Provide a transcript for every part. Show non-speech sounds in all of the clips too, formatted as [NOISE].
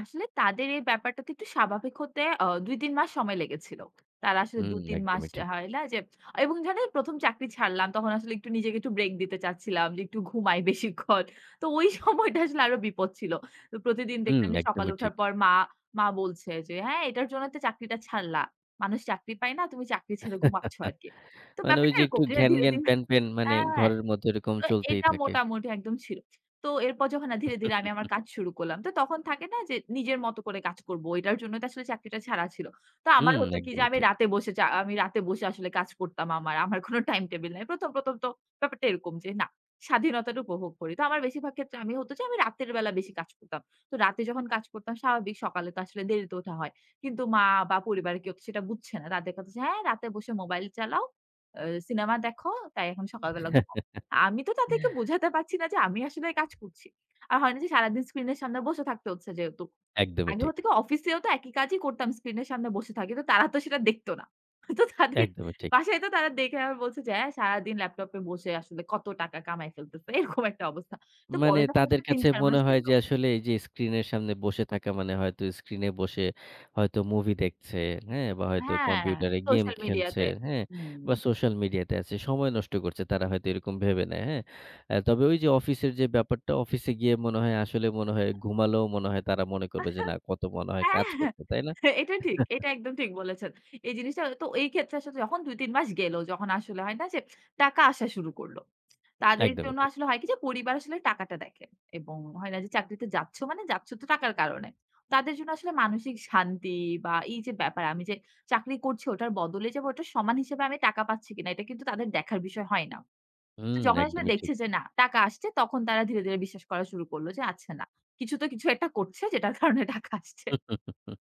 আসলে তাদের এই ব্যাপারটাতে একটু স্বাভাবিক হতে আ ২ ৩ মাস সময় লেগেছিল। তারা আসলে হুম, ২ ৩ মাস একদমই ঠিক। হয় লা যে এবং ধরেন ১ম চাকরি ছাড়লাম তখন আসলে একটু নিজেকে একটু ব্রেক দিতে চাচ্ছিলাম যে একটু ঘুমাই বেশিক্ষণ। তো ওই সময়টা আসলে আরো বিপদ ছিল। তো প্রতিদিন হুম, দেখলাম যে সকালে একদমই উঠার ঠিক। পর মা মা বলছে যে, "হ্যাঁ এটার জন্য তো চাকরিটা ছাড়লা। মানুষ চাকরি পায় না, তুমি চাকরি ছেড়ে [CHUCKLES] ঘুমাচ্ছ আরকি।" তো মানে ওই ব্যাপারটা যে এরকম একটু ধীরে, ঘ্যান, ধীরে ঘ্যান ধি প্যান, প্যান মানে হ্যাঁ, ঘরের মধ্যে ওইরকম তো চলতেই এটা থাকে। মোটামুটি একদম ছিল। তো এরপর যখন ধীরে, ধীরে আমি আমার [CHUCKLES] কাজ শুরু করলাম। তো তখন থাকে না যে নিজের মতো করে কাজ করব। এটার জন্যই তো আসলে চাকরিটা ছাড়া ছিল। তো আমার হুম, হতো কি যে একদমই আমি ঠিক। রাতে বসে চা আমি রাতে বসে আসলে কাজ করতাম আমার। আমার কোনো টাইম টেবল নাই। ১ম ১ম তো ব্যাপারটা এরকম যে না। স্বাধীনতাটা উপভোগ করি। তো আমার বেশিরভাগ ক্ষেত্রে আমি হত আমি রাতের বেলা বেশি কাজ করতাম। তো রাতে যখন কাজ করতাম স্বাভাবিক। সকালে তো আসলে দেরিতে ওঠা হয়। কিন্তু মা বা পরিবারে কেউ তো সেটা বুঝছে না। তাদের কথা যে, "হ্যাঁ রাতে বসে মোবাইল চালাও। আ সিনেমা দেখো। তাই এখন সকাল বেলা ঘুমাও।" আমি তো তাদেরকে [CHUCKLES] বোঝাতে পারছি না যে আমি আসলে কাজ করছি। আর হয় না যে সারাদিন স্ক্রিন এর সামনে বসে থাকতে হচ্ছে যেহেতু। একদমই আগে ঠিক। হত কি অফিসেও তো একই কাজই করতাম। স্ক্রিনের সামনে বসে থাকি। তো তারা তো সেটা দেখত না। তো তাদের একদমই ঠিক। বাসায় তো তারা দেখে বলছে যে, "হ্যাঁ সারাদিন ল্যাপটপে বসে আসলে কত টাকা কামায় ফেলতেছে।" এরকম একটা অবস্থা। তো মানে পরে যখন তাদের আসলে ৩ কাছে ৪ মনে মাস হয় গেল যে আসলে এইযে স্ক্রিনের সামনে বসে থাকা মানে হয়তো স্ক্রিন এ বসে হয়তো মুভি দেখছে, হ্যাঁ? বা হয়তো হ্যাঁ কম্পিউটারে গেম সোশ্যাল খেলছে, মিডিয়াতে, হ্যাঁ? হু। বা সোশ্যাল মিডিয়াতে আছে। সময় নষ্ট করছে তারা হয়তো এরকম ভেবে নেয়, হ্যাঁ? আ তবে ওইযে অফিসের যে ব্যাপারটা অফিসে গিয়ে মনে হয় আসলে মনে হয় ঘুমালোও মনে হয় তারা মনে আ করবে যে না কত মনে হয় হ্যাঁ। কাজ করছে। তাই না? এহ এটা ঠিক, [CHUCKLES] এটা একদম ঠিক বলেছেন। এই জিনিসটা তো এই ক্ষেত্রে আসলে যখন ২ ৩ মাস গেল, যখন আসলে হয় না যে টাকা আসা শুরু করল। তাদের একদম জন্য ঠিক। আসলে হয় কি যে পরিবার আসলে টাকাটা দেখে। এবং হয় না যে চাকরিতে যাচ্ছ মানে যাচ্ছ তো টাকার কারণে। তাদের জন্য আসলে মানসিক শান্তি বা এইযে ব্যাপার আমি যে চাকরি করছি ওটার বদলে যাবে ওটা সমান হিসেবে আমি টাকা পাচ্ছি কিনা এটা কিন্তু তাদের দেখার বিষয় হয় না। হুম, তো যখন আসলে একদমই ঠিক। দেখছে যে না টাকা আসছে তখন তারা ধীরে, ধীরে বিশ্বাস করা শুরু করলো যে আচ্ছা না। কিছু তো কিছু একটা করছে যেটার কারণে টাকা আসছে। [CHUCKLES]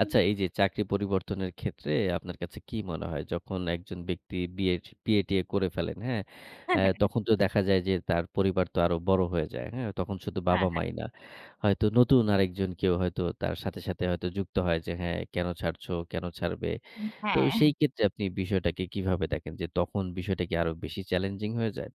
আচ্ছা এইযে চাকরি পরিবর্তনের ক্ষেত্রে আপনার কাছে কি মনে হয়? যখন একজন ব্যক্তিটি বিয়েজ বিয়ে-টিয়ে করে ফেলেন, হ্যাঁ? আ হ্যাঁ, হ্যাঁ। তখন তো দেখা যায় যে তার পরিবার তো আরো বড় হয়ে যায়। হ্যাঁ? তখন শুধু হ্যাঁ, হ্যাঁ। বাবা-মাই না। হয়তো নতুন আরেকজন কেউ হয়তো তার সাথে, সাথে হয়তো যুক্ত হয় যে হ্যাঁ কেনো ছাড়ছো? কেনো ছাড়বে? উ তো হ্যাঁ। সেই ক্ষেত্রে আপনি বিষয়টাকে কিভাবে দেখেন যে তখন বিষয়টা কি আরো বেশি চ্যালেঞ্জিং হয়ে যায়?